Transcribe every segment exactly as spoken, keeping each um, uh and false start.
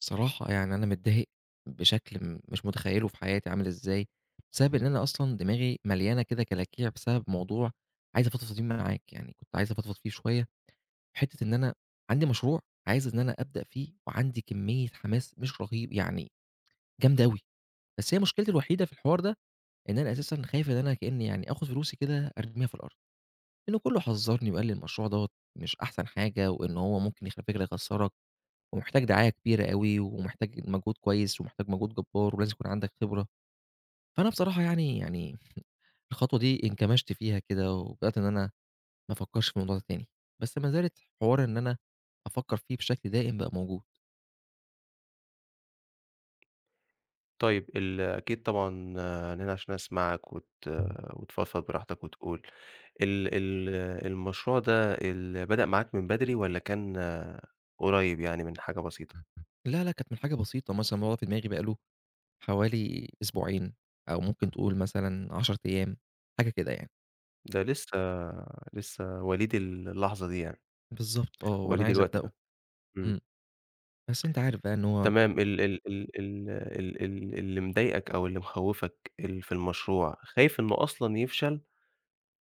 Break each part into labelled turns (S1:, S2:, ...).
S1: صراحة يعني أنا متضايق بشكل م مش متخيّله في حياتي عامل إزاي، بسبب إن أنا أصلًا دماغي مليانة كده كلاكيع بسبب موضوع عايز أفضفض فيه معاك يعني كنت عايز أفضفض فيه شوية. حتّة إن أنا عندي مشروع عايز إن أنا أبدأ فيه وعندي كمّية حماس مش رهيب يعني جامدة أوي، بس هي مشكلتي الوحيدة في الحوار ده إن أنا أساسًا خايف إن أنا كإنّي يعني آخُد فلوسي كده أرميها في الأرض. لإنّه كُلّه حذّرني وقال لي المشروع دوّة مش أحسن حاجة وإن هو ممكن يخف يخسّرك ومحتاج دعاية كبيرة أوي، ومحتاج مجهود كويس ومحتاج مجهود جَبّار ولازم يكون عندك خبرة. فأنا بصراحة يعني يعني الخطوة دي انكمشْت فيها كده وبدأت إن أنا ما أفكّرش في الموضوع ده تاني. بس ما زالت حوار إن أنا أفكّر فيه بشكل دائم بقى موجود.
S2: طيب، ال أكيد طبعًا أنا هنا عشان أسمعك وت وتفضفض براحتك وتقول، ال ال المشروع ده ال بدأ معاك من بدري والّا كان قريّب يعني من حاجة بسيطة؟
S1: لا، لا، كانت من حاجة بسيطة، مثلًا هو في دماغي بقى له حوالي أسبوعين أو ممكن تقول مثلًا عَشَر أيام، حاجة كده يعني.
S2: ده لسّه لسّه وليد ال اللحظة دي يعني.
S1: بالضبط، آه، وأنا
S2: وليد
S1: عايز
S2: الوقت
S1: أبدأه.
S2: ده. إمم.
S1: إمم. بس أنت عارف بقى إن هو
S2: تمام. ال ال ال ال ال اللي مضايقك أو اللي مخوِّفك ال في المشروع، خايف إنه أصلًا يفشل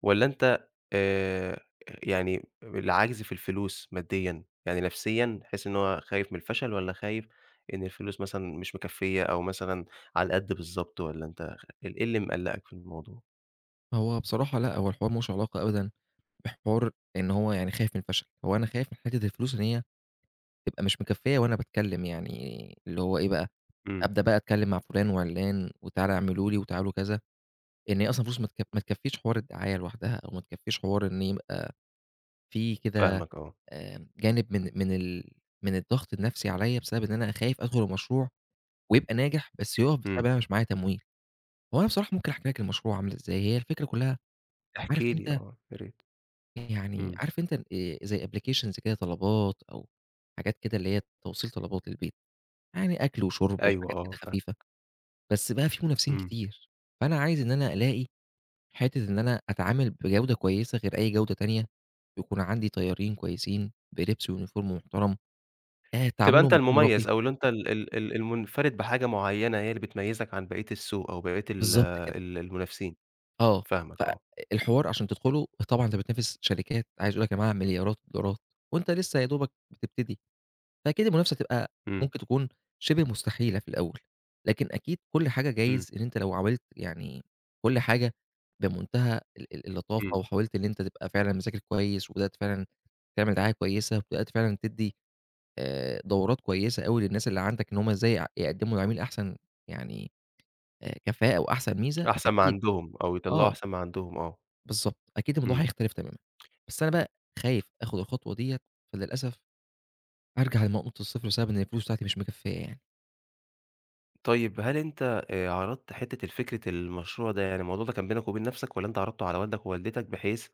S2: والّا أنت آآ يعني العَجْز في الفلوس مادّيًا؟ يعني نَفْسيًا تحس إن هو خايف من الفشل والّا خايف إن الفلوس مثلًا مش مكفّية أو مثلًا على القَد بالضبط، والّا أنت خ إيه ال إيه اللي مِقلَّقك في الموضوع؟
S1: هو بصراحة لأ، هو الحوار ما لهوش علاقة أبدًا بحوار إن هو يعني خايف من الفشل. هو أنا خايف من حتّة الفلوس إن هي تبقى مش مكفّية وأنا باتكلّم يعني اللي هو إيه بقى،
S2: إمم.
S1: أبدأ بقى أتكلّم مع فُلان وعِلّان وتعالوا اعملوا لي وتعالوا كذا، لإن هي أصلًا فلوس ما تك ما تكفّيش حوار الدعاية لوحدها أو ما تكفّيش حوار إن يبقى في كده
S2: فاهمك آه.
S1: آآ جانب من من ال من الضغط النفْسي عليّا بسبب إن أنا خايف أدخُل المشروع ويبقى ناجح، بس يُقَف بسبب إن
S2: إمم.
S1: أنا مش معايا تمويل. هو أنا بصراحة ممكن أحكي لك المشروع عامل إزاي، هي الفكرة كُلّها
S2: احكِ
S1: عارف
S2: لي
S1: أنت
S2: آه، يا ريت.
S1: يعني
S2: إمم.
S1: عارف أنت آآ زي applications كده طلبات أو حاجات كده اللي هي توصيل طلبات للبيت. يعني أكل وشُرْب
S2: أيوه،
S1: وحاجات
S2: آه
S1: كده خفيفة،
S2: فاهمك.
S1: بس بقى في منافسين
S2: إمم.
S1: كتير. فأنا عايز إن أنا ألاقي حتّة إن أنا أتعامل بجودة كويسة غير أي جودة تانية ويكون عندي طيّارين كويسين بلبس وuniform محترم، آآ
S2: تبقى أنت
S1: تعاملهم يكون راقي.
S2: المميز أو إن أنت ال ال المُنفَرِد بحاجة معّينة هي اللي بتميّزك عن بقية السوق أو بقية ال
S1: بالضبط كده.
S2: ال المنافسين.
S1: آه،
S2: فاهمك آه.
S1: فالحوار عشان تدخُله طبعًا أنت بتنافس شركات، عايز أقول لك هي معاها مليارات الدولارات وأنت لسّه يا دوبك بتبتدي. فأكيد المنافسة هتبقى
S2: إمم.
S1: ممكن تكون شِبه مستحيلة في الأول، لكن أكيد كل حاجة
S2: إمم.
S1: جايز إن أنت لو عاولت يعني كل حاجة بمنتهى ال ال اللطافة
S2: إمم.
S1: وحاولت إن أنت تبقى فعلًا مذاكر كويس وبدأت فعلًا تعمل دعاية كويسة وبدأت فعلًا تدّي آآ دورات كويسة أوي للناس اللي عندك إن هم إزاي يع يقدّموا للعميل أحسن يعني آآ كفاءة وأحسن ميزة،
S2: أحسن ما
S1: أكيد
S2: عندهم أو يطلّعوا
S1: آه.
S2: أحسن ما عندهم آه.
S1: بالضبط، أكيد الموضوع
S2: إمم.
S1: هيختلف تمامًا. بس أنا بقى خايف آخُد الخطوة ديّة، فللأسف أرجع لنقطة الصفر بسبب إن الفلوس بتاعتي مش مكفّية يعني.
S2: طيب هل أنت آآ عرضت حتّة الفكرة المشروع ده، يعني الموضوع ده كان بينك وبين نَفْسك والّا أنت عرضته على والدك ووالدتك بحيث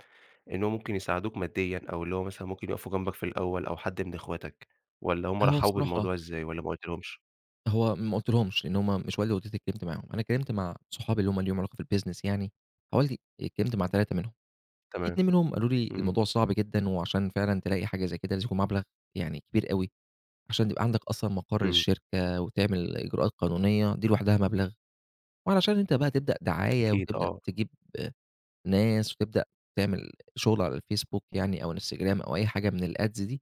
S2: إن هو ممكن يساعدوك مادّيًا أو اللي هو مثلًا ممكن يقفوا جنبك في الأول أو حد من إخواتك والّا هم
S1: فهو
S2: رحّبوا
S1: بصراحة
S2: بالموضوع إزاي والّا ما قُلتلهمش؟
S1: هو ما قلتلهمش، لإن هم مش والدي ووالدتي اللي اتكلِّمت معاهم. أنا اتكلِّمت مع صحابي اللي هم ليهم علاقة في الbusiness يعني، حوالي اتكلِّمت مع تلاتة منهم. في
S2: تمام.
S1: اتنين منهم قالوا لي:
S2: إمم.
S1: "الموضوع صعب جدًا وعشان فعلًا تلاقي حاجة زي كده، لازم يكون مبلغ يعني كبير أوي، عشان تبقى عندك أصلًا مَقَر
S2: إمم.
S1: للشركة وتعمل إجراءات قانونية، دي لوحدها مبلغ وعلشان أنت بقى تبدأ دعاية
S2: أكيد
S1: وتبدأ
S2: آه.
S1: تجيب ناس وتبدأ تعمل شُغل على الFacebook يعني أو الInstagram أو أي حاجة من الads دي،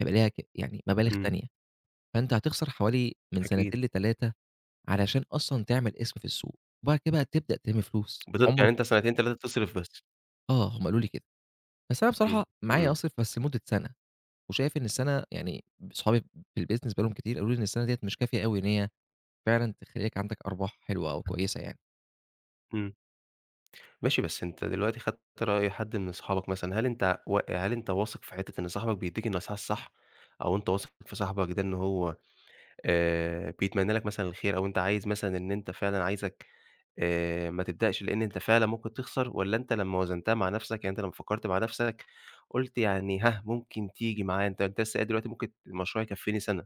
S1: هيبقى ليها ك يعني مبالغ
S2: إمم.
S1: تانية. فأنت هتخسر حوالي من
S2: أكيد.
S1: سَنتين لتلاتة علشان أصلًا تعمل اسم في السوق وبعد كده تبدأ تِلِم فلوس."
S2: بت
S1: عُمرك
S2: يعني أنت سَنتين، تلاتة تصرف بس.
S1: آه، هم قالوا لي كده. بس أنا
S2: إمم،
S1: بصراحة معايا
S2: إمم.
S1: أصرف بس لمُدّة سَنة وشايف إن السَنة يعني ب أصحابي في الbusiness بقي لهم كتير، قالوا لي: "إن السَنة ديّة مش كافية أوي إن هي فعلًا تخلّيك عندك أرباح حلوة أو كويسة يعني."
S2: إمم. ماشي، بس أنت دلوقتي خدت رأي حد من صحابك مثلًا، هل أنت و هل أنت واثق في حتّة إن صاحبك بيدّيك النصيحة الصح؟ أو أنت واثق في صاحبك ده إن هو آآ بيتمنّى لك مثلًا الخير أو أنت عايز مثلًا إن أنت فعلًا عايزك آآ ما تبدأش لإن أنت فعلًا ممكن تخسر والّا أنت لمّا وزنتها مع نَفْسك، يعني أنت لمّا فكّرت مع نفسك قُلت يعني ها، ممكن تيجي معايا، أنت أنت لسّه قايل دلوقتي ممكن المشروع يكفّيني سَنة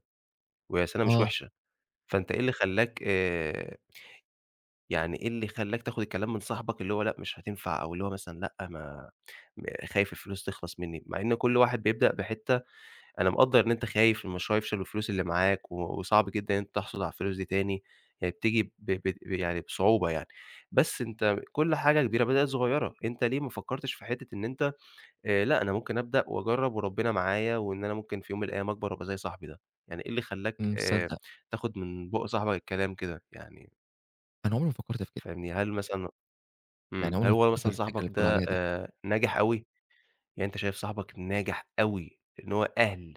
S2: وهي سَنة مش
S1: آه.
S2: وِحشة، فأنت إيه اللي خلّاك آآ يعني إيه اللي خلّاك تاخُد الكلام من صاحبك اللي هو لأ، مش هتنفع أو اللي هو مثلًا لأ، ما م خايف الفلوس تخلص منّي مع إن كل واحد بيبدأ بحتّة أنا مقدّر إن أنت خايف إن المشروع يفشل والفلوس اللي معاك و وصعب جدًا إن أنت تحصل على الفلوس دي تاني، هي بتيجي ب ب ب يعني بصعوبة يعني. بس أنت كل حاجة كبيرة بدأت صغيرة، أنت ليه ما فكّرتش في حتّة إن أنت آآ لأ، أنا ممكن أبدأ وأجرّب وربِّنا معايا وإن أنا ممكن في يوم من الأيام أكبر وأبقى زي صاحبي ده؟ يعني إيه اللي خلّاك
S1: إمم،
S2: آآ
S1: صدّق.
S2: تاخًد من بُقّ صاحبك الكلام كده؟ يعني
S1: أنا عُمري ما فكّرت في كده.
S2: فاهمني؟ هل مثلًا
S1: يعني
S2: إمم.
S1: عُمري
S2: هل
S1: ما
S2: هو
S1: فكّرت في
S2: مثلًا
S1: الفكرة اللي
S2: صاحبك
S1: بتقول
S2: ده
S1: عليها دي.
S2: آآ ناجح أوي؟ يعني أنت شايف صاحبك ناجح أوي إن هو أهل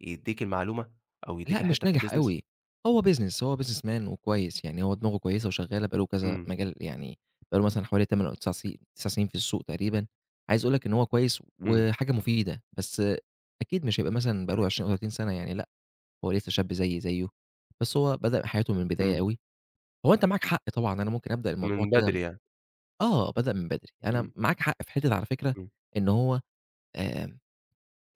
S2: يدّيك المعلومة أو يدّيك
S1: لأ، مش
S2: الحتّة في
S1: ناجح
S2: الbusiness؟
S1: أوي، هو business، هو businessman وكويس، يعني هو دماغه كويسة وشغّالة بقى له كذا
S2: إمم.
S1: مجال يعني بقى له مثلًا حوالي تَمَن أو تِسَع سي تِسِع سِنين في السوق تقريبًا. عايز أقول لك إن هو كويس
S2: إمم.
S1: وحاجة مفيدة، بس أكيد مش هيبقى مثلًا بقى له عشرين أو تلاتين سَنة يعني لأ، هو لسّه شاب زيّي زيّه، بس هو بدأ حياته من البداية
S2: إمم.
S1: أوي. هو أنت معاك حق طبعًا، أنا ممكن أبدأ الموضوع
S2: من
S1: كده م
S2: بدري يعني.
S1: آه، بدأ من بدري. أنا
S2: إمم.
S1: معاك حق في حتّة على فكرة
S2: إمم.
S1: إن هو آآ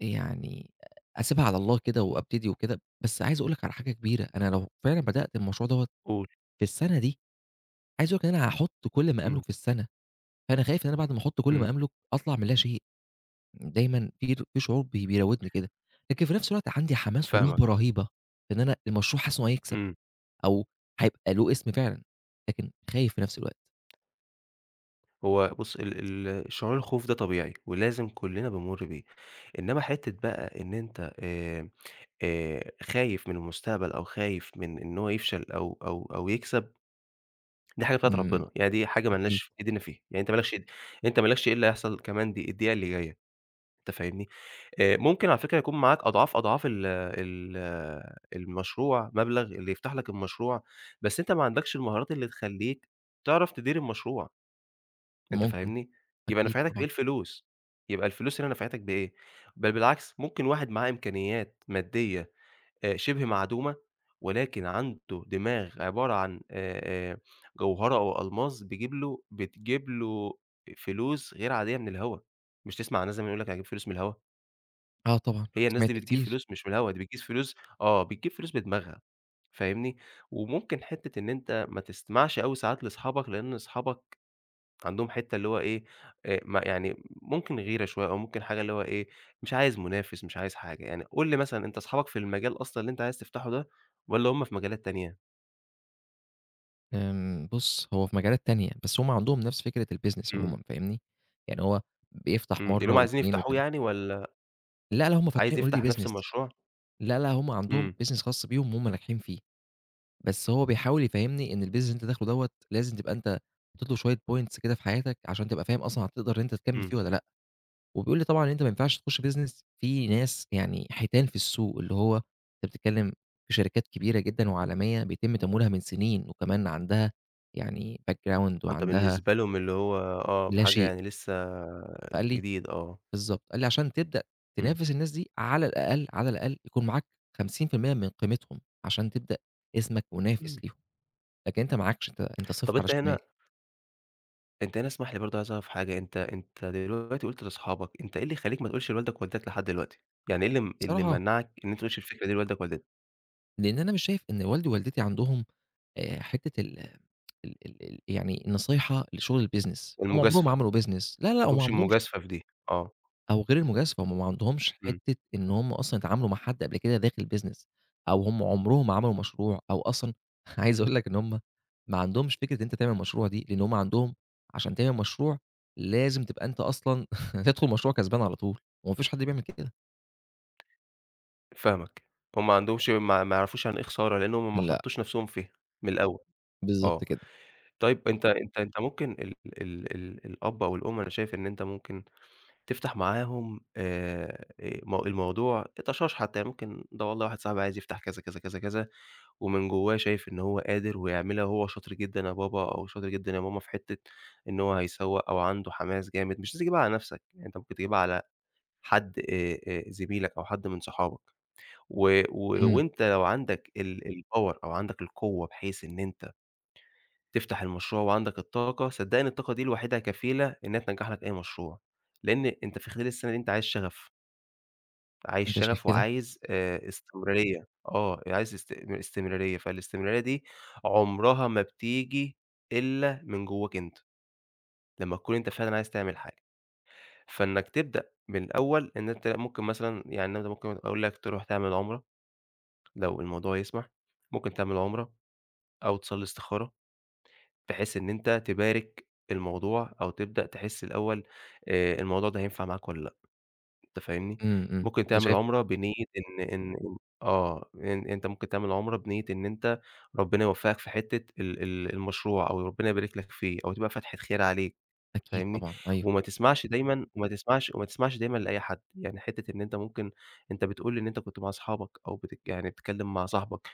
S1: يعني أسيبها على الله كده وأبتدي وكده. بس عايز أقول لك على حاجة كبيرة، أنا لو فعلًا بدأت المشروع دوّة
S2: قُل.
S1: في السَنة دي، عايز أقول لك إن أنا هاحُط كل ما
S2: إمم.
S1: أملُك في السَنة، فأنا خايف إن أنا بعد ما أحُط كل ما
S2: إمم.
S1: أملُك أطلع من لا شيء. دايمًا [unintelligible] في شعور بي بيراودني كده، لكن في نَفْس الوقت عندي حماس
S2: فاهمك.
S1: ورغبة رهيبة إن أنا المشروع حاسس إنه هيكسب
S2: إمم.
S1: أو هيبقى له اسم فعلًا، لكن خايف في نَفْس الوقت.
S2: هو بُص ال ال الشعور الخوف ده طبيعي ولازم كُلّنا بنمُر بيه، إنّما حتّة بقى إن أنت آآ آآ خايف من المستقبل أو خايف من إن هو يفشل أو أو أو يكسب، دي حاجة بتاعة
S1: إمم.
S2: ربِّنا، يعني دي حاجة
S1: أكيد.
S2: مالناش إيدين فيها، يعني أنت ما لكش إيد أنت ما لكش إيه اللي هيحصل كمان دب الدقيقة اللي جاية، أنت فاهمني؟ آآ ممكن على فكرة يكون معاك أضعاف، أضعاف ال ال المشروع، مبلغ اللي يفتح لك المشروع، بس أنت ما عندكش المهارات اللي تخلّيك تعرف تدير المشروع. أنت
S1: ممكن.
S2: فاهمني، يبقى
S1: أكيد
S2: نفعتك بإيه
S1: طبعًا.
S2: الفلوس؟ يبقى الفلوس هنا نفعتك بإيه؟ بل بالعكس، ممكن واحد معاه إمكانيات مادّية آآ شِبه معدومة ولكن عنده دماغ عبارة عن آآ آآ جوهرة أو ألماظ، بيجيب له بتجيب له فلوس غير عادية من الهوا. مش تسمع عن ناس زمان يقول لك: "أنا هاجيب فلوس من الهوا."
S1: آه طبعًا،
S2: هي الناس
S1: سمعت
S2: دي بتجيب
S1: كتير.
S2: فلوس مش من الهوا، دي بتجيب فلوس آه، بتجيب فلوس بدماغها، فاهمني، وممكن حتّة إن أنت ما تستمعش أوي ساعات لأصحابك، لإن أصحابك عندهم حتّة اللي هو إيه، آآ م يعني ممكن غيرة شوية أو ممكن حاجة اللي هو إيه، مش عايز منافس، مش عايز حاجة. يعني قل لي مثلًا أنت أصحابك في المجال أصلًا اللي أنت عايز تفتحه ده والّا هم في مجالات تانية؟
S1: آمم بُص، هو في مجالات تانية، بس هم عندهم نفس فكرة الbusiness
S2: إمم.
S1: عمومًا فاهمني، يعني هو بيفتح
S2: إمم، إن
S1: مرّة
S2: هم عايزين
S1: واتنين
S2: يفتحوه
S1: وتلاتة.
S2: يعني والّا
S1: لأ، لأ، هم
S2: عايز
S1: فاتحين already
S2: يفتح نَفْس
S1: business.
S2: المشروع؟
S1: لأ، لأ، هم عندهم
S2: إمم.
S1: business خاص بيهم وهُم ناجحين فيه. بس هو بيحاول يفهِّمني إن الbusiness اللي أنت داخله دوّة لازم تبقى أنت حطّيت له شوية points كده في حياتك، عشان تبقى فاهم أصلًا هتقدر إن أنت تكمِّل
S2: إمم.
S1: فيه والّا لأ، وبيقول لي طبعًا إن أنت ماينفعش تخُش business في ناس، يعني حيتان في السوق، اللي هو أنت بتتكلِّم في شركات كبيرة جدًا وعالمية بيتم تمويلها من سِنين وكمان عندها يعني background
S2: آه، أنت
S1: وعندها
S2: بالنسبة لهُم اللي هو آه،
S1: لا
S2: بحاجة
S1: شيء.
S2: يعني لسّه
S1: فقال لي
S2: جديد، آه.
S1: بالضبط قال لي: "عشان تبدأ
S2: إمم.
S1: تنافس الناس دي على الأقل، على الأقل يكون معاك خمسين في المِيّة من قيمتهم عشان تبدأ اسمك منافس
S2: إمم.
S1: ليهُم. لكن أنت معاكش، أنت أنت صفر
S2: طَب
S1: على
S2: أنت
S1: الشمال."
S2: هنا أنت هنا اسمح لي برضه عايز أعرف حاجة، أنت أنت دلوقتي قُلت لأصحابك، أنت إيه اللي يخلّيك ما تقولش لوالدك ووالدتك لحد دلوقتي. يعني إيه اللي م اللي
S1: بصراحة
S2: ممنّعك إن أنت ما تقولش الفكرة دي لوالدك ووالدتك؟
S1: لإن أنا مش شايف إن والدي ووالدتي عندهم آآ حتّة ال ال ال ال يعني النصيحة لشُغل الbusiness. هم عمرهم ما
S2: المجازفة. ما
S1: عملوا business. لأ، لأ، هم ما
S2: عندهمش
S1: عندهمش
S2: المجازفة في دي، آه.
S1: أو غير المجازفة، هم ما عندهومش
S2: إمم.
S1: حتّة إن هم أصلًا اتعاملوا مع حد قبل كده داخل business أو هم عمرهم ما عملوا مشروع أو أصلًا عايز أقول لك إن هم ما عندهمش فكرة إن أنت تعمل مشروع دي لإن هم عندهم عشان تعمل مشروع، لازم تبقى أنت أصلًا تدخُل مشروع كسبان على طول وما فيش حد بيعمل كده.
S2: فاهمك. هم ما عندهمش ما ما يعرفوش يعني إيه خسارة، لإن هم ما
S1: لأ.
S2: حطّوش نَفْسهم فيها من الأول،
S1: بالضبط
S2: آه.
S1: كده.
S2: طيب أنت أنت أنت ممكن ال ال ال الأب أو الأم، أنا شايف إن أنت ممكن تفتح معاهم آآ آآ م الموضوع طَشاش حتّى، يعني ممكن ده والله واحد صاحبي عايز يفتح كذا، كذا، كذا، كذا ومن جوّاه شايف إن هو قادر ويعملها وهو شاطر جدًا يا بابا أو شاطر جدًا يا ماما في حتّة إن هو هيسوّق أو عنده حماس جامد، مش لازم تجيبها على نَفْسك، يعني أنت ممكن تجيبها على حد آآ آآ زميلك أو حد من صحابك و و
S1: إمم.
S2: وأنت لو عندك ال الpower أو عندك القوّة، بحيث إن أنت تفتح المشروع وعندَك الطاقة، صدّقني الطاقة دي لوحدها كفيلة إنّها تنجَّح لك أي مشروع. لإن أنت في خلال السَنة دي أنت عايز شَغَف. عايز
S1: أنت شايف
S2: شَغَف
S1: كده؟
S2: وعايز آآ استمرارية، آه، عايز است استمرارية، فالاستمرارية دي عمرها ما بتيجي إلّا من جوّاك أنت، لمّا تكون أنت فعلًا عايز تعمل حاجة. فإنَّك تبدأ من الأول، إن أنت ممكن مثلًا يعني أنا ده ممكن أقول لك تروح تعمل عُمرة، لو الموضوع يسمح، ممكن تعمل عُمرة أو تصلّي استخارة، بحيث إن أنت تبارك الموضوع أو تبدأ تحِس الأول آآ الموضوع ده هينفع معاك والّا لأ، أنت فاهمني،
S1: إمم، إمم،
S2: ممكن
S1: أنت
S2: تعمل
S1: شايف
S2: عُمرة بنية إن إن إن آه، إن أنت ممكن تعمل عُمرة بنية إن أنت ربِّنا يوفَّقك في حتّة ال ال المشروع أو ربِّنا يبارك لك فيه أو تبقى فاتحة خير عليك
S1: أكيد
S2: فاهمني،
S1: طبعًا، أيوه.
S2: وما تسمعش دايمًا وما تسمعش وما تسمعش دايمًا لأي حد. يعني حتّة إن أنت ممكن أنت بتقول إن أنت كنت مع أصحابَك، أو بتك يعني بتتكلِّم مع صاحبك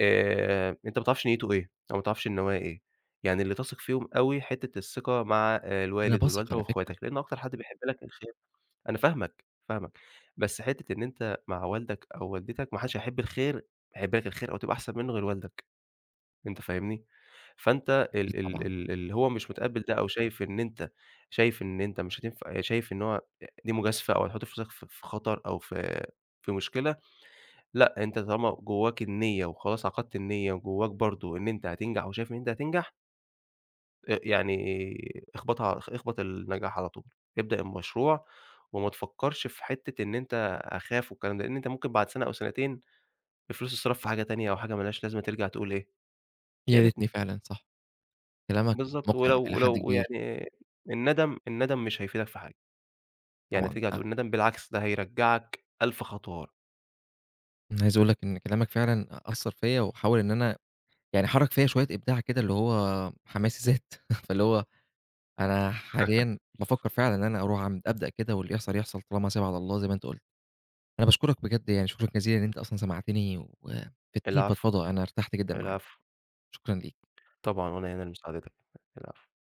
S2: آآ أنت ما تعرفش نيّته إيه أو ما تعرفش النوايا إيه، يعني اللي تثق فيهم أوي، حتّة الثقة مع آآ
S1: أنا
S2: الوالد
S1: باثق
S2: والوالدة
S1: على فكرة.
S2: وإخواتك، لإن أكتر حد بيحب لك الخير أنا فاهمك، فاهمك، بس حتّة إن أنت مع والدك أو والدتك، ما حدّش هيحب الخير، يحب لك الخير أو تبقى أحسن منّه غير والدك، أنت فاهمني، فأنت
S1: أكيد
S2: ال ال
S1: طبعًا.
S2: ال اللي هو مش مُتقبِّل ده أو شايف إن أنت شايف إن أنت مش هتنف شايف إن هو آآ دي مجازفة أو هتحُط نَفْسك في في خطر أو في في مشكلة لأ، أنت طالما جوّاك النيّة، وخلاص عقدت النيّة، وجوّاك برضه إن أنت هتنجح وشايف إن أنت هتنجح آآ يعني اخبطها ع اخ اخبَط النجاح على طول. ابدأ المشروع وما تفكّرش في حتّة إن أنت أخاف والكلام ده، لإن أنت ممكن بعد سَنة أو سَنتين، الفلوس تتصرف في حاجة تانية أو حاجة ما لهاش لازمة ترجع تقول إيه، يا
S1: ياريتني
S2: ريتني.
S1: فعلًا، صح. كلامك
S2: بالضبط،
S1: مُقنع
S2: ولو
S1: إلى حد
S2: ولو
S1: كبير.
S2: ويعني الندم الندم مش هيفيدك في حاجة. يعني
S1: طبعًا،
S2: هترجع
S1: آآ
S2: تقول ندم، بالعكس ده هيرجّعك ألف خطوة ورا.
S1: أنا عايز أقول لك إن كلامك فعلًا أثّر فيّا وحاول إن أنا يعني حرَّك فيّا شوية إبداع كده اللي هو حماسي زاد، فاللي هو أنا حاليًا بافكّر فعلًا إن أنا أروح أعم أبدأ كده واللي يحصل، يحصل طالما سايبها على الله زي ما أنت قُلت. أنا باشكرك بجد يعني شكرًا جزيلًا إن أنت أصلًا سمعتني وفدتني
S2: العفو.
S1: فضفضه، أنا ارتحت جدًا معاك،
S2: العفو.
S1: شكرًا ليك.
S2: طبعًا وأنا هنا لمساعدتك، العفو.